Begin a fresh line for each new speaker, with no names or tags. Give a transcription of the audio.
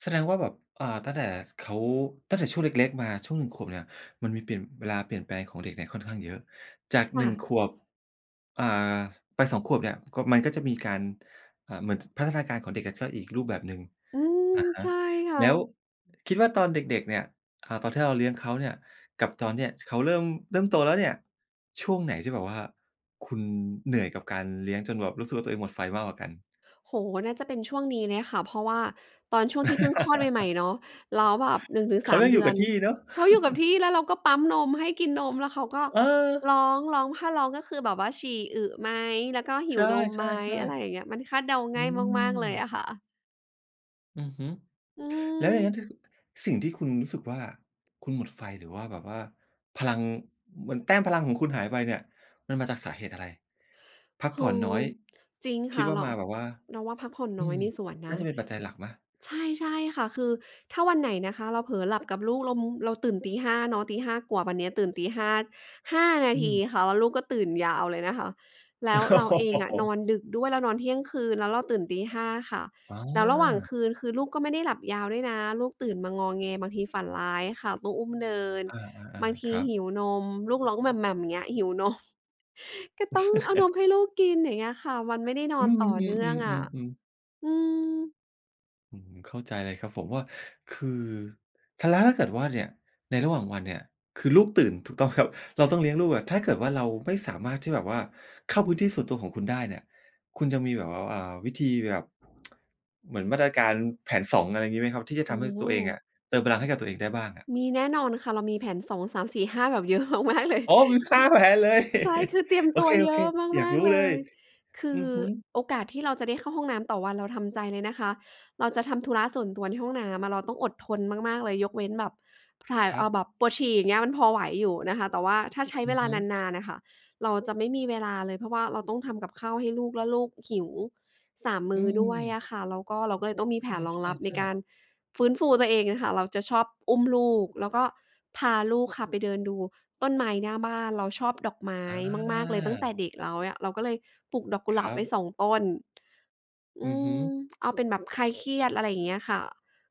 แสดงว่าแบบ เอ่อ ตั้งแต่ ส เขา ตั้งแต่ช่วงเล็ก ๆ มาช่วง 1 ขวบเนี่ย มันมีเปลี่ยน เวลาเปลี่ยนแปลงของเด็กเนี่ยค่อนข้างเยอะ จาก
ค
หน
่
ึ่
ะ
ง ขวบ อ่า ไป 2 ขวบเนี่ย ขวบ มันก็จะมีการ เอ่อ เหมือน จ พัฒนาการของเด็กอะจะก็อีกรูปแบบหนึ่ง
อืม
อะฮะ
ใช่ค่
แล้ว
ะ
คิดว่าตอนเด็ก ๆ เนี่ย เอ่อ ตอนที่เราเลี้ยงเขาเนื่ย กับตอนเนี้ย ท เขาเริ่ม เริ่มโตแล้วเนี่ย ช่วงไหนที่แบบว่าคุณเหนื่อยกับการเลี้ยง จนแบบรู้สึกว่าตัวเองหมดไฟมากกว่ากัน?
โอ้โฮ! น่าจะเป็นช่วงนี้เลยค่ะ เพราะว่าตอนช่วงที่เพิ่งคลอดใหม่ ๆ เนาะ แล้วแบบ หนึ่งถึง
เข
สา
า
ม
ยัง
เ
อ
ด
ย
ื
ู่
อ
กับ
น
ที่เนาะ
ชอบอยู่กับที่ แล้วเราก็ปั๊มนมให้กินนม แล้วเขาก็
เ
ร
ออ
้อง ร้อง ถ้าร้องก็คือแบบว่าฉี่อึไหม แล้วก็หิ
ใช
วนมไหม
่
อะไรอย่าง
ๆ
เงี้ย มันคาดเดา
ๆ อ
ง
ื
่ายมาก ๆ
ม
เลยอะค่ะ
อือฮึ
อื
แล้วอย่างงั้
ม
นที่ สิ่งที่คุณรู้สึกว่า คุณหมดไฟ หรือว่าแบบว่าพลัง เหมือนแต้มพลังของคุณหายไปเนี่ย มันมาจากสาเหตุอะไร? พัก
โอ
ผ่อ
้
น
โ
น้อ
ฮ!
ย
จริง
ค
ค
ิด
่ะ
ว่า
เรา
มาแบบว่า
เราว่าพักผ่อน
อื
น้อย
ม
มีส่วนน
น่า
ะ
จะเป็นปัจจัยหลักไหม?
ใช่ ใช่ค่ะ คือถ้าวันไหนนะคะเราเผลอหลับกับลูก เรามุ เราตื่นตี 5 เนาะ ตี 5 กว่า วันนี้ตื่นตี 5 5 นา
อื
ที
ม
ค่ะ แล้วลูกก็ตื่นยาวเลยนะคะ แล้วเราเองอะนอนดึกด้วย เรานอนเที่ยงคืน แล้วเราตื่นตี 5 ค่ะ
อ
แล้วระหว่าง
า
คืนคือลูกก็ไม่ได้หลับยาวด้วยนะ ลูกตื่นมางอแง บางทีฝันร้ายค่ะ ต้องอุ้มเดิน
อา
บาง
ๆ
ท
ๆ ค
ี
รับ
หิวนม ลูกร้อง อย่างเงี้ย หิว นม ก็ต้องเอานมให้ลูกกิน อย่างเงี้ยค่ะ มันไม่ได้น
อื
อน
ม
ต่อเนื
ๆ ๆ
่องอะ
ๆ อือ
อืม
อืม เข้าใจเลยครับผมว่า คือ ถ้าแล้ว ถ้าเกิดว่าเนี่ย ในระหว่างวันเนี่ย คือลูกตื่น ถูกต้องครับ เราต้องเลี้ยงลูกอะ ถ้าเกิดว่าเราไม่สามารถที่แบบว่า เข้าพื้นที่ส่วนตัวของคุณได้เนี่ย คุณจะมีแบบว่า เอ่อ วิธีแบบ เหมือนมาตรการ แผน 2 อะไรอย่างงี้ไหมครับ? ที่จะ
โอ
ท
้
ำให้
โฮ!
ตัวเองอะ เติมพลังให้กับตัวเองได้บ้างอะ
มีแน่นอนค่ะ เรามีแผน 2, 3, 4, 5 แบบ เยอะมาก ๆ เลย
โอ
อ
้โฮ! มี ห้
อื
า
ม
แผนเลย
ใช่ คือเตรียม
โอ
ตั
เ
วเย
ค
อะ
ๆ อยา
ม
ก
าก
รู้
ๆ เล
เลย
ย คื
อื
อ
อฮึ
โอกาสที่เราจะได้เข้าห้องน้ำต่อวัน เราทำใจเลยนะคะ เราจะทำธุระส่วนตัวในห้องน้ำอะ เราต้องอดทนมาก ๆ เลย ยกเว้นแบบถ่าย
คร
เ
ั
อ่อ
บ
แบบปวดฉี่ อย่างเงี้ย มันพอไหวอยู่นะคะ แต่ว่าถ้าใช้
อื
เว
อ
ลา
ฮึ
นาน ๆ น่ะค่ะ เราจะไม่มีเวลาเลย เพราะว่าเราต้องทำกับข้าวให้ลูก แล้วลูกหิว 3 ม
อื
ื้อด้วย
ม
อะค่ะ แล้วก็เราก็เลยต้องมีแผ
ใ
นรองรับใน
ช่
ก
ๆ
า
ๆ
รฟื้นฟูตัวเองอะค่ะ เราจะชอบอุ้มลูก แล้วก็พาลูกค่ะไปเดินดูต้นไม้หน้าบ้าน เราชอบดอกไม้
อา
มาก ๆ เลย ตั้งแต่เด็กแล้วอะ เราก็เลยปลูกดอกก
ค
ุหลา
ร
บ
ั
ไว
บ
้ 2 ต้น อ
อ
ื
ือฮึ
ม เอาเป็นแบบคลายเครียด อะไรอย่างเงี้ยค่ะ